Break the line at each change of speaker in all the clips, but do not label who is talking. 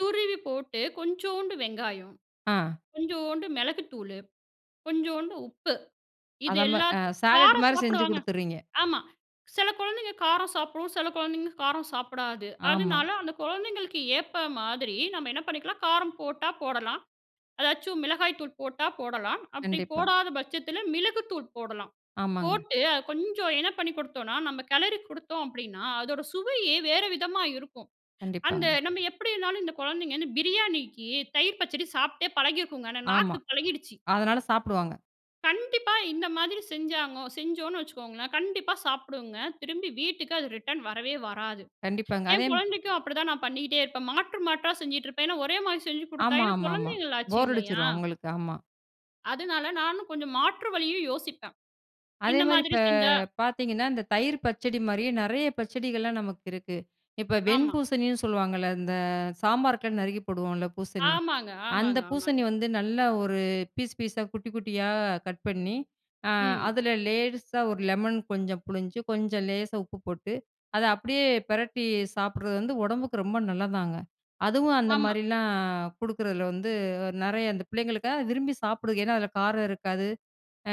துருவி போட்டு கொஞ்சோண்டு வெங்காயம்,
ஆ.
கொஞ்சோண்டு மெளகுத்தூளு, கொஞ்சோண்டு உப்பு. இது
அதான்
எல்லாத்
சாலட்
காரம்
மாரி செஞ்சு
சாப்பிடுவாங்க.
கொடுத்துடுறீங்க.
ஆமா. சில கொழந்தைங்க காரம் சாப்பிடும், சில கொழந்தைங்க காரம் சாப்பிடாது,
ஆமா.
அதுனால அந்த கொழந்தைங்களுக்கு ஏத்த மாதிரி நம்ம என்ன பண்ணிக்கலாம் காரம் போட்டா போடலாம். அதாச்சும் மிளகாய் தூள் போட்டா போடலாம். அப்டி
கண்டிப்பா.
போடாத பட்சத்தில மிளகு தூள் போடலாம்.
ஆமாங்க.
போட்டு அது கொஞ்சம் என்ன பண்ணிக் கொடுத்தோம்னா நம்ப கெலரி குடுத்தோம் அப்படின்னா, அதோட சுவையே வேற விதமா இருக்கும். அந்த
கண்டிப்பாங்க.
நம்ப எப்படின்னாலும் இந்த குழந்தைங்கன்னு பிரியாணிக்கு தயிர் பச்சடி சாப்ட்டே பழகியிருக்குங்க. ஏன்னா
ஆமா.
நாக்கு பழகிடுச்சு.
அதனால சாப்டுவாங்க.
கண்டிப்பா இந்த மாதிரி செஞ்சாங்கோ செஞ்சோன்னு வச்சுக்கோங்களேன், கண்டிப்பா சாப்பிடுங்க. திரும்பி வீட்டுக்கு அது ரிட்டர்ன் வரவே வராது.
கண்டிப்பாங்க. அதே,
என் குழந்தைக்கும் அப்படிதான் நான் பண்ணிக்ட்டே இருப்பேன். மாற்று மாற்றா செஞ்சுகிட்டு இருப்பேன். ஏன்னா ஒரே மாரி செஞ்சு குடுத்தா
ஆமாமா,
ஏன்னா
ஆமா.
குழந்தைங்களாச்சி
போர்
இல்லையா?
அடிச்சுரும் அவுங்களுக்கு ஆமா.
அதுனால நானும் கொஞ்சம் மாற்று வழியும் யோசிப்பேன்.
அதே
இந்த
மாரி
மாதிரி
இப்ப
செஞ்சா
பாத்தீங்கன்னா, இந்த தயிர் பச்சடி மாரியே நெறைய பச்சடிகள்லாம் நமக்கு இருக்கு. இப்ப வெண்
ஆமா.
பூசணின்னு சொல்லுவாங்கல்ல இந்த சாம்பாருக்குலாம் நறுக்கி போடுவோம்ல பூசணி,
ஆமாங்க
அந்த
ஆமாங்க ஆமாங்க.
பூசணி வந்து நல்லா ஒரு பீஸ் பீஸா, குட்டி குட்டியா, கட் பண்ணி, அ
ம்.
அதில லேசா ஒரு லெமன் கொஞ்சம் புளிஞ்சு, கொஞ்சம் லேசா உப்பு போட்டு, அதை அப்படியே பெரட்டி சாப்பிடறது வந்து உடம்புக்கு ரொம்ப நல்லதாங்க! அதுவும் அந்த
ஆமா.
மாரிலாம் குடுக்குறதில வந்து அ நெறைய அந்த பிள்ளைங்களுக்கா விரும்பி சாப்பிடுதுக. ஏன்னா அதில காரம் இருக்காது. அ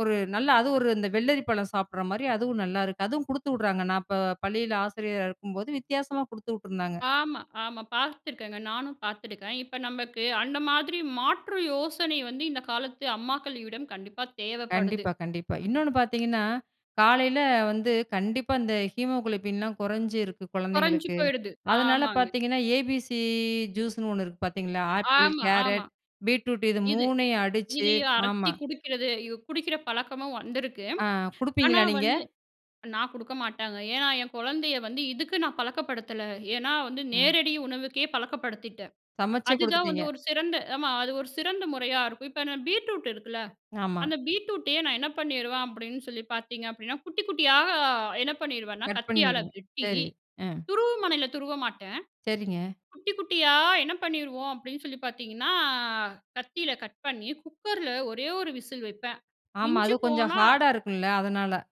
ஒரு நல்லா அதுவும் ஒரு இந்த வெள்ளரி பழம் சாப்பிடுற மாரி, அதுவும் நல்லாயிருக்கு. அதுவும் குடுத்து உடுறாங்க. நான் இப்ப பள்ளியில ஆசிரியரா இருக்கும்போது வித்தியாசமா குடுத்து உட்டுருந்தாங்க.
ஆமா, ஆமா. பாத்துருக்கேங்க. நானும் பாத்துருக்கேன். இப்ப நமக்கு அந்த மாதிரி மாற்று யோசனை வந்து இந்த காலத்து அம்மாக்களிடம் கண்டிப்பா தேவைப்படுது.
கண்டிப்பா கண்டிப்பா. இன்னொன்னு பாத்தீங்கன்னா காலையில வந்து, கண்டிப்பா இந்த ஹீமோகுளோபின் லாம் கொறைஞ்சு இருக்கு
குறைஞ்சு
குழந்தைங்களுக்கு.
போயிடுது.
அதனால
ஆமாங்க.
பாத்தீங்கன்னா ABC ஜூஸ்னு 1 இருக்கு பாத்தீங்களா! ஆப்பிள்,
ஆமா ஆமா.
கேரட், பீட்ரூட் இது
இது
மூணையும் அடிச்சு
இதுய அரைச்சி
ஆமா.
குடிக்கிறது இவ குடிக்கிற பழக்கமும் வந்திருக்கு.
ஆ
ஆனா
குடுப்பீங்களா நீங்க?
வந்து நான் குடுக்க மாட்டேங்க. ஏன்னா என் குழந்தையை வந்து இதுக்கு நான் பழக்கப்படுத்தல. ஏன்னா வந்து
ம்.
நேரடி உணவுக்கே பழக்கப்படுத்திட்டேன்.
சமைச்சே
அதுதான் வந்து
குடுத்துட்டீங்க.
ஒரு சிறந்த ஆமா அது ஒரு சிறந்த முறையா இருக்கும். இப்ப இன்ன பீட்ரூட் இருக்குல்ல,
ஆமா.
அந்த பீட்ரூட்டயே நான் என்ன பண்ணிருவேன் அப்டின்னு சொல்லி பாத்தீங்க அப்டின்னா, குட்டி குட்டியா என்ன பண்ணிருவேன்னா,
கட்
கத்தியால
பண்ணிடு
வெட்டி
சரி. ம்.
துருவுமனையில துருவ மாட்டேன்.
சரிங்க.
குட்டி குட்டியா என்ன பண்ணிருவோம் அப்டின்னு சொல்லி பாத்தீங்கன்னா, கத்தியில கட் பண்ணி குக்கர்ல ஒரே ஒரு விசில் வைப்பேன்.
ஆமா அது
மிஞ்சி
கொஞ்சம்
போனா
ஹார்டா இருக்குல! அதனால.